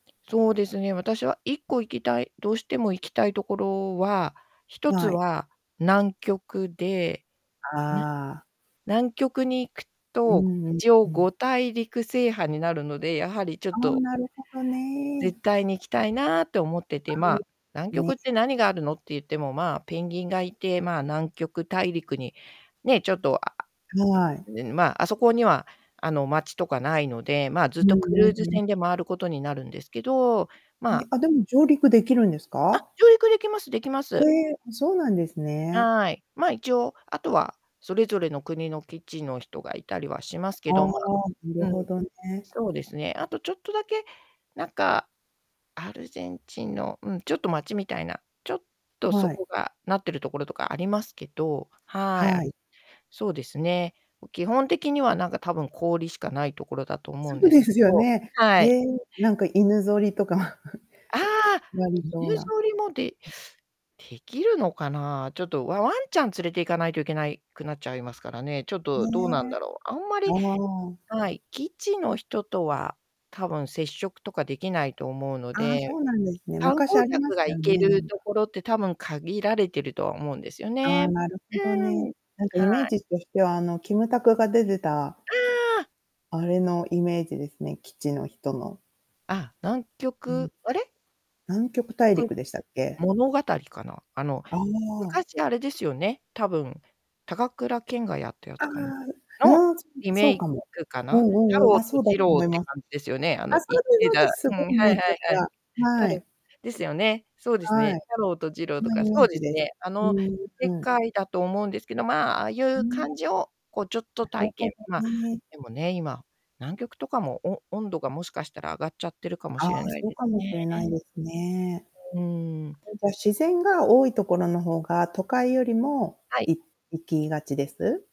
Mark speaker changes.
Speaker 1: そうですね、私は1個行きたいどうしても行きたいところは、一つ
Speaker 2: はい。
Speaker 1: は南極で、ぬ
Speaker 2: ああ。
Speaker 1: 南極に行く
Speaker 2: う
Speaker 1: と、
Speaker 2: んうん
Speaker 1: 一応
Speaker 2: う
Speaker 1: ご
Speaker 2: ん。
Speaker 1: たいりく制覇になるので、やはりちょっ
Speaker 2: ああ、
Speaker 1: と
Speaker 2: なるほど
Speaker 1: 絶
Speaker 2: ね。
Speaker 1: 対に行きたいな、と思って
Speaker 2: は
Speaker 1: て、まあ、
Speaker 2: う、
Speaker 1: 南極
Speaker 2: ね。
Speaker 1: って何があるのって言っても、まあ、ペンギンがいて、まあ、南極大陸にね、ちょっとあ
Speaker 2: はい。
Speaker 1: ううん、まあ、あそこには、あの、街とかないので、まあ、ず
Speaker 2: う
Speaker 1: っ
Speaker 2: ん
Speaker 1: とク
Speaker 2: う
Speaker 1: ル
Speaker 2: ん
Speaker 1: ーズ
Speaker 2: うん。
Speaker 1: 船で周ることになるんですけど、
Speaker 2: え、
Speaker 1: まあ
Speaker 2: あ、でも上陸できるんです
Speaker 1: あ、
Speaker 2: か？
Speaker 1: 上陸できますできま
Speaker 2: へ
Speaker 1: す。
Speaker 2: え、うそうなんですね。
Speaker 1: はい。まあ、一応、あとは、それぞれの国の基地の人がいたりはします
Speaker 2: あ
Speaker 1: け
Speaker 2: あ、
Speaker 1: ど、まあ、
Speaker 2: なる
Speaker 1: う
Speaker 2: ほ
Speaker 1: ん、
Speaker 2: どね。
Speaker 1: そうですね。あとちょっとだけ、なんか、アルゼンチンの、うん、ちょっと町みたいな、ちょっとそ
Speaker 2: はい。
Speaker 1: こがなってるところとかありますけど、はい、あ
Speaker 2: はい。
Speaker 1: るそうですね。もう基本的には、なんか、たぶん氷しかないところだと思う
Speaker 2: そ
Speaker 1: ん
Speaker 2: う
Speaker 1: です
Speaker 2: で
Speaker 1: け
Speaker 2: すよ
Speaker 1: ど、
Speaker 2: ね。
Speaker 1: は
Speaker 2: へ
Speaker 1: い。
Speaker 2: え、なんか、犬ぞりとか
Speaker 1: あ あ、
Speaker 2: やりそう
Speaker 1: 犬ぞ
Speaker 2: な。
Speaker 1: りもで
Speaker 2: うん。
Speaker 1: 出来るのかな？ちょっと、ワワンちゃん連れて行かないといけないくなっちゃいますからね。ちょっと、
Speaker 2: ね。
Speaker 1: どうなんだろう？あんま
Speaker 2: あ
Speaker 1: り、
Speaker 2: あ。
Speaker 1: はい、基地の人とは、たぶん接触とかできないと思うの
Speaker 2: ああ、そ
Speaker 1: で、
Speaker 2: うなんですね。
Speaker 1: 観
Speaker 2: 昔
Speaker 1: 光
Speaker 2: ありま
Speaker 1: 客
Speaker 2: し
Speaker 1: が
Speaker 2: たよ
Speaker 1: 行け
Speaker 2: ね、な
Speaker 1: る
Speaker 2: んか。
Speaker 1: 所って多分限られてるとは思うんですよ
Speaker 2: あ
Speaker 1: ね。
Speaker 2: あ、なるほ
Speaker 1: う
Speaker 2: どね、
Speaker 1: ん。
Speaker 2: なんか、
Speaker 1: は
Speaker 2: イメー
Speaker 1: い。
Speaker 2: ジとしては、あの、キムタクが出てた
Speaker 1: ああ。
Speaker 2: あれのイメージですね、基地の人の
Speaker 1: あ、南
Speaker 2: うん。
Speaker 1: 極あれ？
Speaker 2: 南極
Speaker 1: よ
Speaker 2: 大
Speaker 1: く
Speaker 2: 陸でしたっけ？
Speaker 1: 物語かな？あの、
Speaker 2: ああ。
Speaker 1: 昔あれですよね、たぶん、高倉健がやったや
Speaker 2: あ
Speaker 1: つ
Speaker 2: あ、
Speaker 1: かなの
Speaker 2: うん、そ
Speaker 1: リ
Speaker 2: そ
Speaker 1: メ
Speaker 2: う
Speaker 1: イ
Speaker 2: かも。
Speaker 1: クか
Speaker 2: う
Speaker 1: な？
Speaker 2: ん
Speaker 1: 太
Speaker 2: うんうん、
Speaker 1: 郎
Speaker 2: あ、そ
Speaker 1: と
Speaker 2: うだ
Speaker 1: 次
Speaker 2: と
Speaker 1: 郎
Speaker 2: 思い
Speaker 1: って
Speaker 2: ます。
Speaker 1: 感じですよね？あの、
Speaker 2: あ、そ
Speaker 1: 生
Speaker 2: う
Speaker 1: き
Speaker 2: です
Speaker 1: て
Speaker 2: そうで
Speaker 1: た
Speaker 2: す！
Speaker 1: う
Speaker 2: す
Speaker 1: ん、は
Speaker 2: ごい
Speaker 1: いは
Speaker 2: 泣
Speaker 1: い
Speaker 2: いちゃっ
Speaker 1: はい。
Speaker 2: た、
Speaker 1: 太
Speaker 2: は
Speaker 1: 郎
Speaker 2: い。
Speaker 1: ですよね。そうです
Speaker 2: はい。
Speaker 1: ね、太郎と次郎
Speaker 2: そ
Speaker 1: と
Speaker 2: の
Speaker 1: か
Speaker 2: イメ
Speaker 1: そ
Speaker 2: ー
Speaker 1: うで
Speaker 2: ジ
Speaker 1: す
Speaker 2: です。
Speaker 1: ね、あ
Speaker 2: う
Speaker 1: の、
Speaker 2: ん
Speaker 1: 世
Speaker 2: うん。
Speaker 1: 界だと思うんですけど、まあ、ああい
Speaker 2: う
Speaker 1: う
Speaker 2: ん
Speaker 1: 感
Speaker 2: え。
Speaker 1: じを、こう、ちょっと
Speaker 2: なる
Speaker 1: 体
Speaker 2: ほ
Speaker 1: 験
Speaker 2: ど
Speaker 1: まあ、
Speaker 2: ね。
Speaker 1: でもね、今、南極とかも、お温度がもしかしたら上がっちゃってるかも
Speaker 2: あ
Speaker 1: しれ
Speaker 2: あ、
Speaker 1: ない
Speaker 2: そう
Speaker 1: で
Speaker 2: か
Speaker 1: す
Speaker 2: もし
Speaker 1: ね。
Speaker 2: れないですね。
Speaker 1: うん。
Speaker 2: そいじゃ、自然が多いところの方が都会よりも
Speaker 1: はい。
Speaker 2: い行きがちです？